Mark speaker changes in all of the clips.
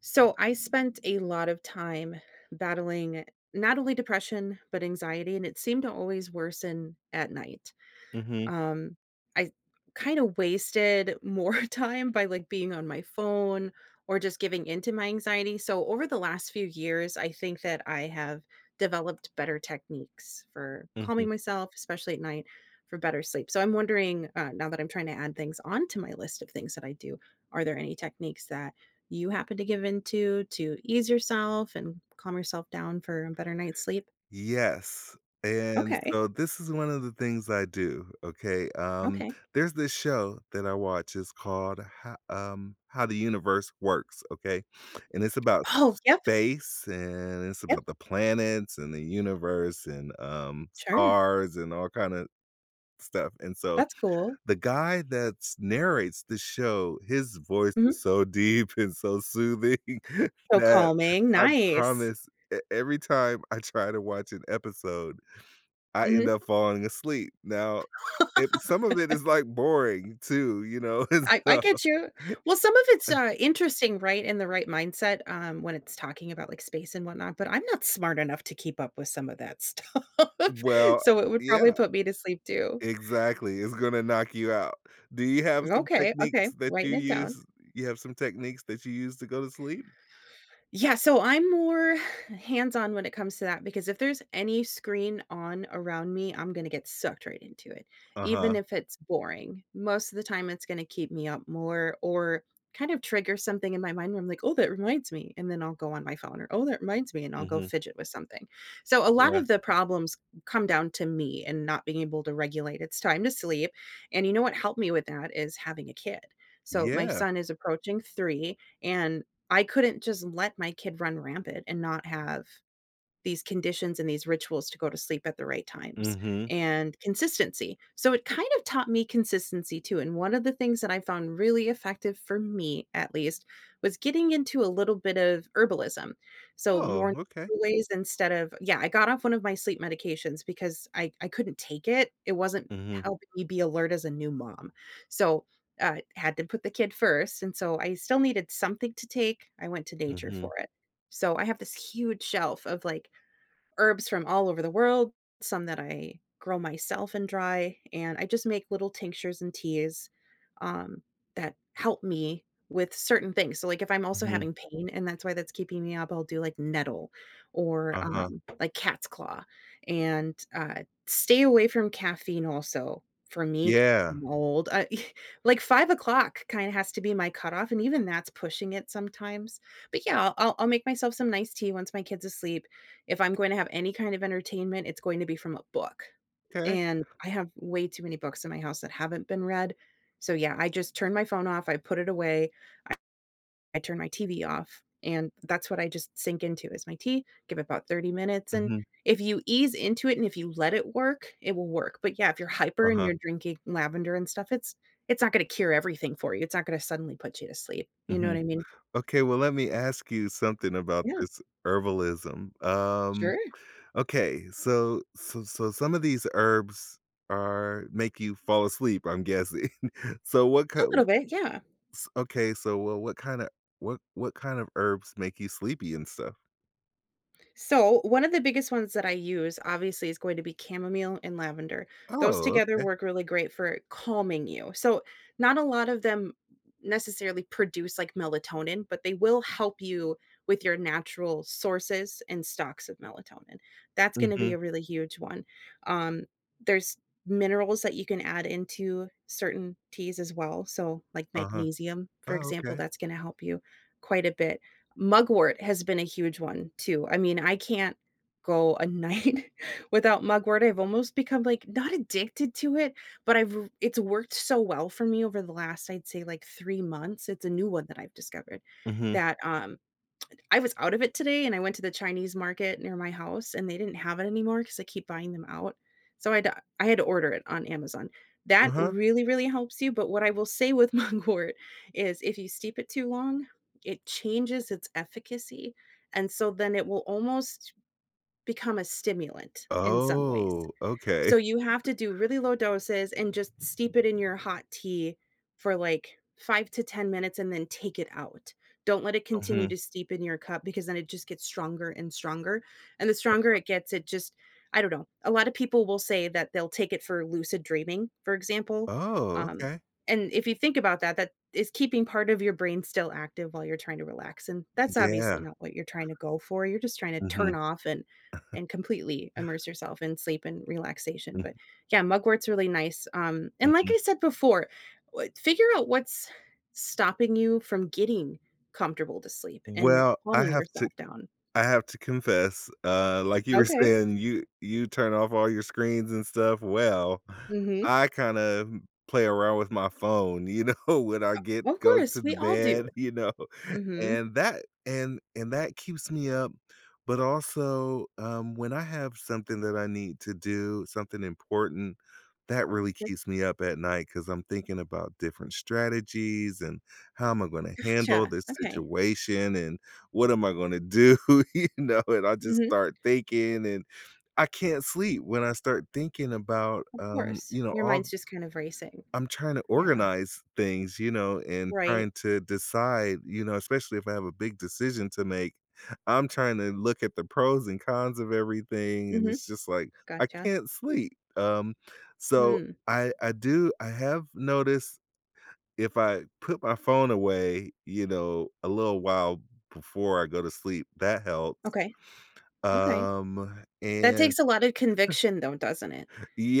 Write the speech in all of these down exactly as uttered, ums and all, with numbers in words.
Speaker 1: So, I spent a lot of time battling, not only depression, but anxiety, and it seemed to always worsen at night.
Speaker 2: Mhm.
Speaker 1: Um, I kinda wasted more time by, like, being on my phone or just giving into my anxiety, so over the last few years, I think that I have developed better techniques for
Speaker 2: Mhm.
Speaker 1: calming myself- especially at night- for better sleep, so I'm wondering, uh- now that I'm trying to add things onto my list of things that I do- are there any techniques that you happen to give into to ease yourself and calm yourself down for a better night's sleep?
Speaker 2: Yes, and
Speaker 1: Okay.
Speaker 2: so this is one of the things I do, okay? Um,
Speaker 1: Okay.
Speaker 2: there's this show that I watch, it's called Ha um, How the Universe Works, okay? And, it's about
Speaker 1: Oh,
Speaker 2: sp
Speaker 1: yep!
Speaker 2: space, and it's about
Speaker 1: Yep.
Speaker 2: the planets and the universe and, um,
Speaker 1: Sure.
Speaker 2: stars and all kinda stuff, and so,
Speaker 1: That's cool.
Speaker 2: the guy that's narrates the show, his voice is
Speaker 1: Mhm.
Speaker 2: so deep and so soothing
Speaker 1: So
Speaker 2: that
Speaker 1: calming,
Speaker 2: I
Speaker 1: nice.
Speaker 2: promise e every time I try to watch an episode, I end
Speaker 1: Mhm.
Speaker 2: up falling asleep. Now, it some of it is, like, boring too, you know? It's
Speaker 1: I I
Speaker 2: dumb,
Speaker 1: get you. Well, some of it's,
Speaker 2: eh
Speaker 1: uh, interesting, right? In the right mindset, um, when it's talking about, like, space and whatnot, but I'm not smart enough to keep up with some of that stuff.
Speaker 2: Well,
Speaker 1: So, it would probably
Speaker 2: yeah
Speaker 1: put me to sleep too.
Speaker 2: exactly, it's gonna knock you out. Do you have some
Speaker 1: Okay, okay,
Speaker 2: techniques that you
Speaker 1: writing it
Speaker 2: use
Speaker 1: down.
Speaker 2: you have some techniques that you use to go to sleep?
Speaker 1: Yeah, so I'm more hands-on when it comes to that because if there's any screen on around me, I'm gonna get sucked right into it, even
Speaker 2: Uh-huh.
Speaker 1: if it's boring. Most of the time it's gonna keep me up more or kind of trigger something in my mind where I'm like, "Oh, that reminds me," and then I'll go on my phone, or, "Oh, that reminds me," and I'll go
Speaker 2: Mhm.
Speaker 1: fidget with something. So, a lot
Speaker 2: Yeah.
Speaker 1: of the problems come down to me and not being able to regulate, "It's time to sleep," and you know what helped me with that is having a kid. So, my
Speaker 2: Yeah.
Speaker 1: son is approaching three, and I couldn't just let my kid run rampant and not have these conditions and these rituals to go to sleep at the right times,
Speaker 2: Mhm.
Speaker 1: and consistency, so it kind of taught me consistency too, and one of the things that I found really effective, for me, at least, was getting into a little bit of herbalism. So, more
Speaker 2: Oh, okay.
Speaker 1: natural ways instead of yeah, I got off one of my sleep medications because I I couldn't take it, it wasn't
Speaker 2: Mhm.
Speaker 1: helping me be alert as a new mom, so, uh, had to put the kid first, and so I still needed something to take, I went to nature for
Speaker 2: Mhm.
Speaker 1: it. So, I have this huge shelf of, like, herbs from all over the world, some that I grow myself and dry, and I just make little tinctures and teas, um, that help me with certain things, so, like, if I'm also
Speaker 2: Mhm.
Speaker 1: having pain and that's why that's keeping me up, I'll do, like, nettle or,
Speaker 2: Uh-huh.
Speaker 1: um, like, cat's claw, and, uh, stay away from caffeine also, for me, c
Speaker 2: Yeah.
Speaker 1: I'm old, uh, like, five o clock kinda has to be my cutoff, and even that's pushing it sometimes, but yeah, I'll I'll I'll make myself some nice tea once my kid's asleep. If I'm going to have any kind of entertainment, it's going to be from a book,
Speaker 2: 'Kay.
Speaker 1: and, I have way too many books at my house that haven't been read. So, yeah, I just turn my phone off, I put it away, I turn my T-V off, and that's what I just sink into is my tea, give it about thirty minutes, and
Speaker 2: Mhm.
Speaker 1: if you ease into it and if you let it work, it will work, but, yeah, if you're hyper and
Speaker 2: Uh-huh.
Speaker 1: you're drinking lavender and stuff, it's it's not gonna cure everything for you, it's not gonna suddenly put you to sleep, you know what
Speaker 2: Mhm.
Speaker 1: I mean?
Speaker 2: Okay, well, let me ask you something about
Speaker 1: Yeah.
Speaker 2: this herbalism. Um,
Speaker 1: Sure.
Speaker 2: okay, so so so some of these herbs are make you fall asleep, I'm guessing. So, what k
Speaker 1: A little
Speaker 2: w
Speaker 1: bit, yeah.
Speaker 2: s okay, so w what kind a what what kind of herbs make you sleepy and stuff?
Speaker 1: So, one of the biggest ones that I use obviously is going to be chamomile and lavender. Those
Speaker 2: Oh,
Speaker 1: together
Speaker 2: okay.
Speaker 1: work really great for calming you. So, not a lot of them necessarily produce like melatonin, but they will help you with your natural sources and stocks of melatonin. That's gonna be
Speaker 2: Mhm.
Speaker 1: a really huge one, um There's minerals that you can add into certain teas as well, so, like
Speaker 2: Uh-huh.
Speaker 1: magnesium, for
Speaker 2: Oh,
Speaker 1: example,
Speaker 2: okay.
Speaker 1: that's gonna help you quite a bit. Mugwort has been a huge one too. I mean, I can't go a night without mugwort, I've almost become like not addicted to it, but I've r it's worked so well for me over the last I'd say like three months, it's a new one that I've discovered
Speaker 2: Mhm.
Speaker 1: that, um I was out of it today and I went to the Chinese market near my house, and they didn't have it anymore 'cause I keep buying them out, so I had uh I had to order it on Amazon. That
Speaker 2: Uh-huh.
Speaker 1: really, really helps you, but what I will say with mugwort is, if you steep it too long, it changes its efficacy and so then it will almost become a stimulant in some ways.
Speaker 2: Oh, okay.
Speaker 1: So you have to do really low doses and just steep it in your hot tea for like, five to ten minutes and then take it out. Don't let it continue
Speaker 2: Mhm.
Speaker 1: to steep in your cup because then it just gets stronger and stronger, and the stronger
Speaker 2: Uh-huh
Speaker 1: it gets, it just I don't know. A lot of people will say that they'll take it for lucid dreaming, for example,
Speaker 2: Oh,
Speaker 1: um,
Speaker 2: okay.
Speaker 1: and if you think about that, that is keeping part of your brain still active while you're tryna relax, and that's obviously
Speaker 2: Yeah.
Speaker 1: not what you're tryna go for, you're just tryna turn
Speaker 2: Mhm.
Speaker 1: off and and completely immerse yourself in sleep and relaxation
Speaker 2: Mhm.
Speaker 1: but, yeah, mugwort's really nice, um. And like
Speaker 2: Mhm.
Speaker 1: I said before what figure out what's stopping you from getting comfortable to sleep and
Speaker 2: Well, I
Speaker 1: calming
Speaker 2: have to
Speaker 1: yourself down.
Speaker 2: I have to confess, uh like you were
Speaker 1: Okay.
Speaker 2: saying, you you turn off all your screens and stuff, well,
Speaker 1: Mhm.
Speaker 2: I kinda, m play around with my phone, you know, when I get
Speaker 1: O of
Speaker 2: go to
Speaker 1: course,
Speaker 2: the
Speaker 1: we all do.
Speaker 2: bed, you know,
Speaker 1: Mhm.
Speaker 2: and that and and that keeps me up. But also, um, when I have something that I need to do, something important, that really
Speaker 1: Sure.
Speaker 2: keeps me up at night 'cause I'm thinking about different strategies and, "How am I gonna handle
Speaker 1: Gotcha,
Speaker 2: this
Speaker 1: okay.
Speaker 2: situation" and, "What am I gonna do," you know? And I just
Speaker 1: Mhm.
Speaker 2: start thinking and I can't sleep when I start thinking about,
Speaker 1: Of
Speaker 2: um,
Speaker 1: course,
Speaker 2: you know,
Speaker 1: your
Speaker 2: all
Speaker 1: mind's just kind of racing.
Speaker 2: I'm tryna
Speaker 1: Yeah.
Speaker 2: organize things, you know? And
Speaker 1: Right.
Speaker 2: trying to decide, you know, especially if I have a big decision to make, I'm tryna look at the pros and cons of everything and
Speaker 1: Mhm,
Speaker 2: it's just like, I
Speaker 1: gotcha.
Speaker 2: can't sleep. Um, so
Speaker 1: Hmm.
Speaker 2: I I do I have noticed if I put my phone away, you know, a little while before I go to sleep, that helps.
Speaker 1: Okay, okay.
Speaker 2: Um,
Speaker 1: That
Speaker 2: and
Speaker 1: takes a lot of conviction though, doesn't it?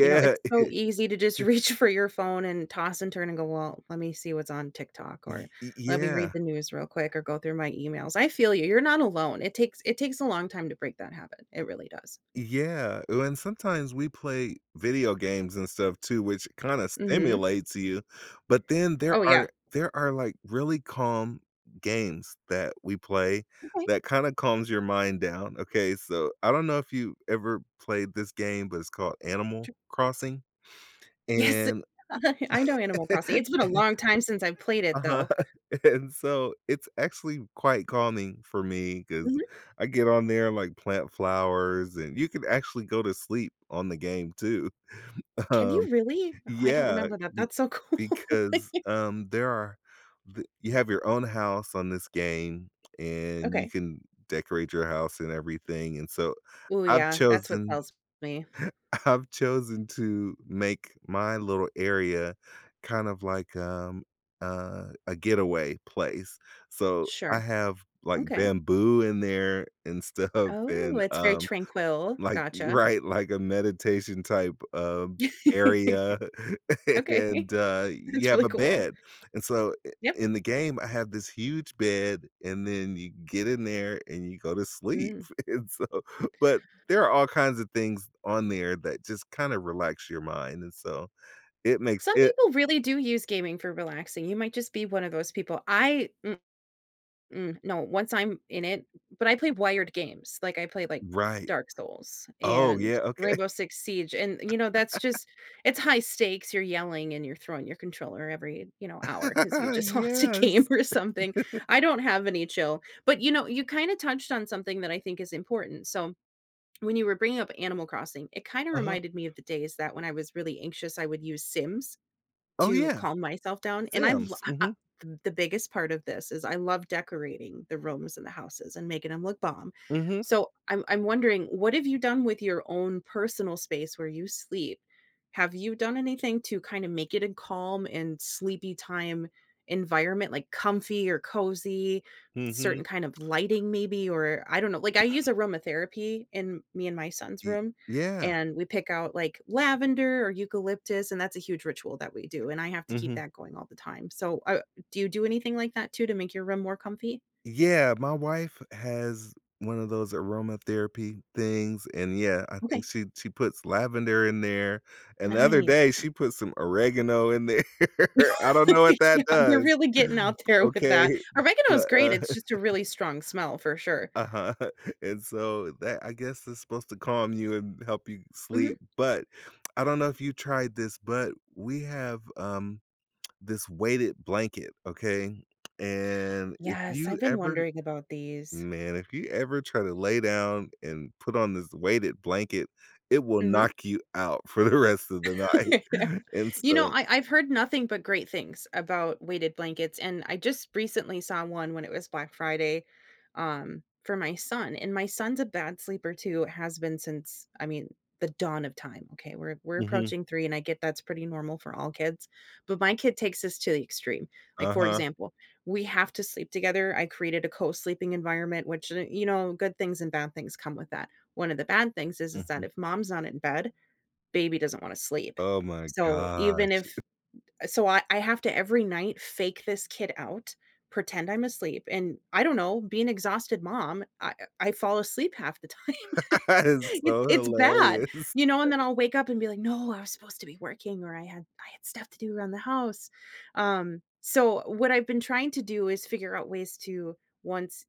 Speaker 1: You know, it's so easy to just reach for your phone and toss and turn and go, "Well, let me see what's on TikTok,"
Speaker 2: Y
Speaker 1: or,
Speaker 2: y
Speaker 1: "Let me
Speaker 2: yeah.
Speaker 1: read the news real quick, or go through my emails." I feel you, you're not alone. It takes it takes a long time to break that habit, it really does.
Speaker 2: Yeah, ooh and sometimes we play video games and stuff too, which kinda
Speaker 1: Mhm.
Speaker 2: stimulates you. But then there
Speaker 1: Oh yeah.
Speaker 2: are there are like, really calm games that we play
Speaker 1: Okay.
Speaker 2: that kinda calms your mind down, okay? So, I don't know if you ever played this game, but it's called Animal
Speaker 1: T
Speaker 2: Crossing.
Speaker 1: Yes
Speaker 2: And
Speaker 1: I know Animal Crossing. It's been a long time since I've played it
Speaker 2: Uh-huh.
Speaker 1: though.
Speaker 2: And so, it's actually quite calming for me 'cause
Speaker 1: Mhm.
Speaker 2: I get on there and, like, plant flowers, and you could actually go to sleep on the game too.
Speaker 1: Can you
Speaker 2: Um,
Speaker 1: really? Oh I don't
Speaker 2: yeah,
Speaker 1: remember that,
Speaker 2: you
Speaker 1: that's so cool.
Speaker 2: Because, um, there are th you have your own house on this game, and you
Speaker 1: Okay.
Speaker 2: can decorate your house and everything, and so,
Speaker 1: Ooh
Speaker 2: I've
Speaker 1: yeah, that's what
Speaker 2: chosen
Speaker 1: tells me.
Speaker 2: I've chosen to make my little area kind of like, um a a getaway place. So, I
Speaker 1: Sure,
Speaker 2: have like
Speaker 1: okay.
Speaker 2: bamboo in there and stuff
Speaker 1: Oh,
Speaker 2: and,
Speaker 1: it's very
Speaker 2: um,
Speaker 1: tranquil,
Speaker 2: like you
Speaker 1: gotcha.
Speaker 2: Right, like a meditation type, um, area
Speaker 1: Okay.
Speaker 2: and uh, you
Speaker 1: That's
Speaker 2: have
Speaker 1: really
Speaker 2: a
Speaker 1: cool.
Speaker 2: bed. And so, i
Speaker 1: Yep.
Speaker 2: in the game, I have this huge bed and then you get in there and you go to sleep.
Speaker 1: Mm.
Speaker 2: And so But, there are all kinds of things on there that just kinda relax your mind, and so it makes
Speaker 1: Some
Speaker 2: it
Speaker 1: people really do use gaming for relaxing, you might just be one of those people. I mm mm, no, once I'm in it but I play wired games, like I play like,
Speaker 2: Right.
Speaker 1: Dark Souls
Speaker 2: Oh
Speaker 1: and
Speaker 2: yeah, okay.
Speaker 1: Rainbow Six Siege, and you know, that's just it's high stakes, you're yelling and you're throwing your controller every, you know, hour 'cause you just lost a game
Speaker 2: Yes.
Speaker 1: or something, I don't have any chill. But you know, you kinda touched on something that I think is important, so, when you were bringing up Animal Crossing, it kinda
Speaker 2: Uh-huh.
Speaker 1: reminded me of the days that when I was really anxious I would use Sims
Speaker 2: Oh
Speaker 1: to
Speaker 2: yeah,
Speaker 1: calm myself down, and I lo
Speaker 2: Sims,
Speaker 1: I I
Speaker 2: mhm.
Speaker 1: th the biggest part of this is I love decorating the rooms and the houses and making 'em look bomb.
Speaker 2: Mhm.
Speaker 1: So, I'm I'm wondering, what have you done with your own personal space where you sleep? Have you done anything to kinda make it a calm and sleepy time environment? Like comfy or cozy,
Speaker 2: Mhm.
Speaker 1: certain kind of lighting maybe? Or I don't know, like I use aromatherapy in me and my son's
Speaker 2: Y
Speaker 1: room,
Speaker 2: yeah.
Speaker 1: and we pick out like lavender or eucalyptus, and that's a huge ritual that we do and I have to keep
Speaker 2: Mhm.
Speaker 1: that going all the time. So, uh do you do anything like that too to make your room more comfy?
Speaker 2: Yeah, my wife has one of those aromatherapy things, and, yeah, I think
Speaker 1: Okay.
Speaker 2: she she puts lavender in there, and the other
Speaker 1: Nice.
Speaker 2: day, she put some oregano in there, I don't know what that
Speaker 1: Yeah, you're
Speaker 2: does,
Speaker 1: really getting out there with
Speaker 2: okay,
Speaker 1: that, oregano is
Speaker 2: but,
Speaker 1: great,
Speaker 2: uh
Speaker 1: it's just a really strong smell for sure.
Speaker 2: Uh-huh, and so that, I guess, is supposed to calm you and help you
Speaker 1: Mhm.
Speaker 2: sleep, but, I don't know if you tried this, but we have, um, this weighted blanket, okay? And if
Speaker 1: Yes, I've
Speaker 2: you
Speaker 1: been
Speaker 2: ever
Speaker 1: wondering about these.
Speaker 2: man, if you ever try to lay down and put on this weighted blanket, it will
Speaker 1: Mhm.
Speaker 2: knock you out for the rest of the
Speaker 1: Yeah.
Speaker 2: night, and
Speaker 1: You know,
Speaker 2: so
Speaker 1: I I've heard nothing but great things about weighted blankets, and I just recently saw one when it was Black Friday, um, for my son, and my son's a bad sleeper too, has been since, I mean, the dawn of time, okay? We're we're
Speaker 2: Mhm.
Speaker 1: approaching three, and I get that's pretty normal for all kids, but my kid takes this to the extreme, like, for
Speaker 2: Uh-huh.
Speaker 1: example, we have to sleep together, I created a co-sleeping environment which, y you know, good things and bad things come with that, one of the bad things is is that
Speaker 2: Mhm.
Speaker 1: if mom's not in bed, baby doesn't wanna sleep,
Speaker 2: Oh my
Speaker 1: so, even
Speaker 2: gosh.
Speaker 1: if so I I have to every night fake this kid out, pretend I'm asleep, and I don't know, be an exhausted mom, I I I fall asleep half the time,
Speaker 2: That is
Speaker 1: it's
Speaker 2: so
Speaker 1: it's bad,
Speaker 2: hilarious.
Speaker 1: you know, and then I'll wake up and be like, "No, I was supposed to be working or I had I had stuff to do around the house," um, so, what I've been trying to do is figure out ways to once,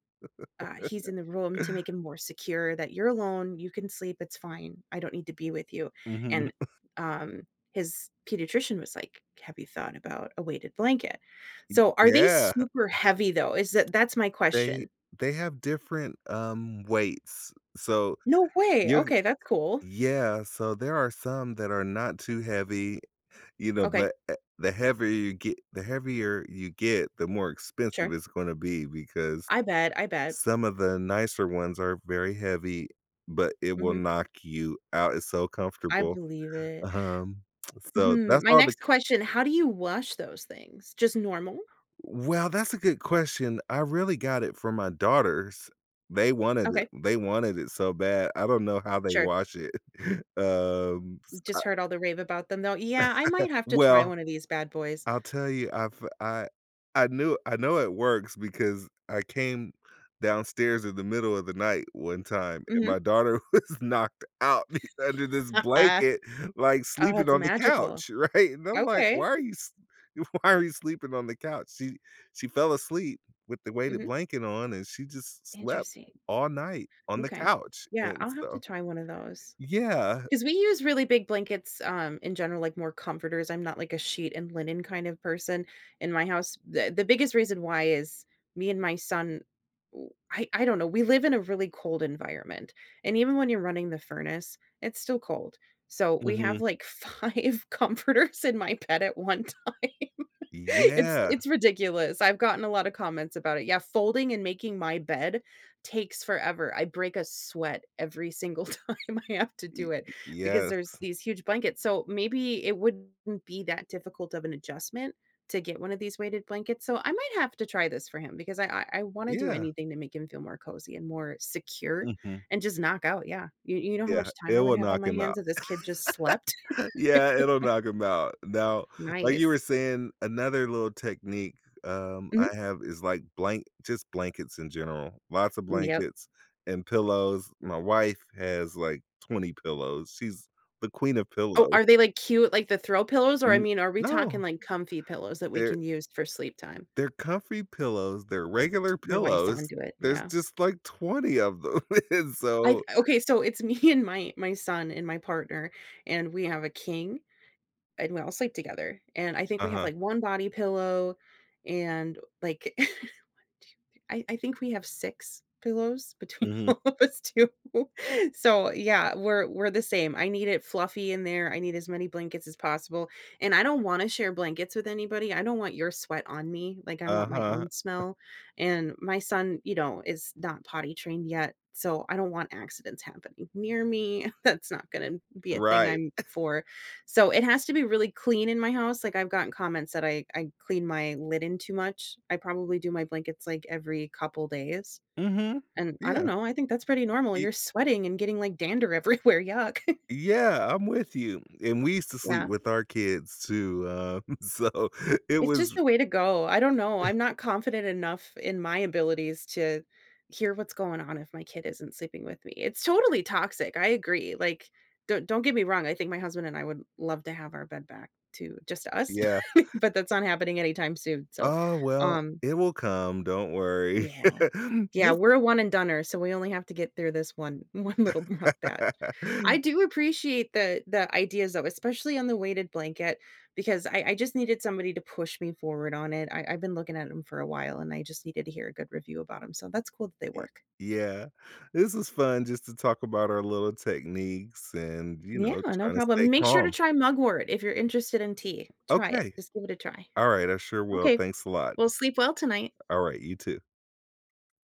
Speaker 1: uh, he's in the room to make him more secure that, "You're alone, you can sleep, it's fine, I don't need to be with you,"
Speaker 2: Mhm.
Speaker 1: and, um, his pediatrician was like, "Have you thought about a weighted blanket?"
Speaker 2: Mm,
Speaker 1: So, are they
Speaker 2: yeah.
Speaker 1: super heavy though? Is th that's my
Speaker 2: They
Speaker 1: question.
Speaker 2: they have different, um, weights, so
Speaker 1: No way,
Speaker 2: you
Speaker 1: okay, that's cool.
Speaker 2: Yeah, so, there are some that are not too heavy, you know,
Speaker 1: Okay.
Speaker 2: but, eh the heavier you ge the heavier you get, the more expensive
Speaker 1: Sure.
Speaker 2: it's gonna be because
Speaker 1: I bet, I bet.
Speaker 2: some of the nicer ones are very heavy, but it will
Speaker 1: Mhm.
Speaker 2: knock you out, it's so
Speaker 1: I
Speaker 2: comfortable,
Speaker 1: believe it.
Speaker 2: um, so
Speaker 1: Hmm.
Speaker 2: that's
Speaker 1: My
Speaker 2: all the
Speaker 1: next question- how do you wash those things? Just normal?
Speaker 2: Well, that's a good question, I really got it for my daughters. They wanted it
Speaker 1: Okay.
Speaker 2: they wanted it so bad, I don't know how they
Speaker 1: Sure.
Speaker 2: wash it, um, s I
Speaker 1: Just heard all the rave about them, though, yeah, I might have to try
Speaker 2: Well
Speaker 1: one of these bad boys.
Speaker 2: I'll tell you, I've I I knew I know it works because I came downstairs in the middle of the night one time, and
Speaker 1: Mhm.
Speaker 2: my daughter was knocked out be under this blanket, like,
Speaker 1: Oh,
Speaker 2: sleeping
Speaker 1: that's
Speaker 2: on the
Speaker 1: magical.
Speaker 2: couch, right? And I'm like, "Why
Speaker 1: Okay.
Speaker 2: are you s why are you sleeping on the couch?" She she fell asleep with the weighted
Speaker 1: Mhm.
Speaker 2: blanket on and she just slept
Speaker 1: Interesting.
Speaker 2: all night on the
Speaker 1: M'kay,
Speaker 2: couch
Speaker 1: yeah,
Speaker 2: and
Speaker 1: I'll have to
Speaker 2: so
Speaker 1: try one of those.
Speaker 2: Yeah.
Speaker 1: 'Cause we use really big blankets, um, in general, like, more comforters, I'm not like a sheet and linen kind of person in my house, the the biggest reason why is me and my son oh, I I don't know, we live in a really cold environment, and even when you're running the furnace, it's still cold. So we have,
Speaker 2: Mhm.
Speaker 1: like, five comforters in my bed at one time,
Speaker 2: Y
Speaker 1: it's
Speaker 2: yeah.
Speaker 1: it's ridiculous, I've gotten a lot of comments about it; yeah, folding and making my bed takes forever, I break a sweat every single time I have to
Speaker 2: Ye
Speaker 1: do it
Speaker 2: y
Speaker 1: because there's
Speaker 2: yes.
Speaker 1: these huge blankets, so maybe it wouldn't be that difficult of an adjustment to get one of these weighted blankets, so I might have to try this for him because I I I wanna do
Speaker 2: Yeah.
Speaker 1: anything to make him feel more cozy and more secure
Speaker 2: Mhm.
Speaker 1: and just knock out, yeah, you you know how
Speaker 2: Yeah,
Speaker 1: much time
Speaker 2: it
Speaker 1: I would
Speaker 2: will
Speaker 1: have on
Speaker 2: knock
Speaker 1: my
Speaker 2: him
Speaker 1: hands
Speaker 2: out.
Speaker 1: if this kid just slept?
Speaker 2: Yeah, it'll knock him out, now, like you
Speaker 1: Nice.
Speaker 2: were saying, another little technique, um, I
Speaker 1: Mhm.
Speaker 2: have is like blank just blankets in general, lots of
Speaker 1: M yep.
Speaker 2: blankets and pillows. My wife has, like, twenty pillows, she's the queen of
Speaker 1: Oh,
Speaker 2: pillow.
Speaker 1: are they, like, cute like, the throw pillows? Or, I
Speaker 2: N
Speaker 1: mean, are we talking,
Speaker 2: no.
Speaker 1: like, comfy pillows that we
Speaker 2: They're
Speaker 1: can use for sleep time?
Speaker 2: they're comfy pillows, they're regular
Speaker 1: Your wife's
Speaker 2: pillows,
Speaker 1: onto it,
Speaker 2: there's
Speaker 1: yeah.
Speaker 2: just, like, twenty of them, and
Speaker 1: I've
Speaker 2: so
Speaker 1: okay, so it's me and my my son and my partner, and we have a king, and we all sleep together, and I think we have,
Speaker 2: Uh-huh.
Speaker 1: like, one body pillow and, like one, two, three I I think we have six pillows between
Speaker 2: Mhm.
Speaker 1: all of us too, so, yeah, we're we're the same, I need it fluffy in there, I need as many blankets as possible, and I don't wanna share blankets with anybody, I don't want your sweat on me, like, I want my
Speaker 2: Uh-huh.
Speaker 1: own smell, and my son, you know, is not potty trained yet, so I don't want accidents happening near me, that's not gonna be a thing
Speaker 2: Right.
Speaker 1: I'm for, so it has to be really clean in my house, like, I've gotten comments that I I clean my linen too much, I probably do my blankets, like, every couple days.
Speaker 2: Mhm,
Speaker 1: And, I don't
Speaker 2: yeah.
Speaker 1: know, I think that's pretty normal,
Speaker 2: Ye
Speaker 1: you're sweating and getting, like, dander everywhere, yuck.
Speaker 2: Yeah, I'm with you, and we used to sleep
Speaker 1: Yeah.
Speaker 2: with our kids too, um, so, it
Speaker 1: It's just
Speaker 2: was
Speaker 1: the way to go, I don't know, I'm not confident enough in my abilities to hear what's going on if my kid isn't sleeping with me, it's totally toxic, I agree, like, don't don't get me wrong, I think my husband and I would love to have our bed back to just us,
Speaker 2: Yeah.
Speaker 1: but but that's not happening anytime soon, so,
Speaker 2: Oh, well,
Speaker 1: um
Speaker 2: it will come, don't worry.
Speaker 1: Yeah. Yeah,
Speaker 2: This
Speaker 1: we're a one and doner, so we only have to get through this one one little rough patch. I do appreciate the the ideas, though, especially on the weighted blanket, because I I just needed somebody to push me forward on it, I I've been looking at 'em for a while, and I just needed to hear a good review about 'em, so that's cool that they
Speaker 2: Y
Speaker 1: work.
Speaker 2: yeah. This was fun just to talk about our little techniques and, you
Speaker 1: Yeah,
Speaker 2: know,
Speaker 1: no
Speaker 2: trying to stay
Speaker 1: problem. Make sure to
Speaker 2: calm.
Speaker 1: try mugwort if you're interested in tea, try it,
Speaker 2: Okay.
Speaker 1: just give it a try.
Speaker 2: Alright, I sure will,
Speaker 1: Okay.
Speaker 2: thanks a lot.
Speaker 1: Well, sleep well tonight.
Speaker 2: Alright, you too.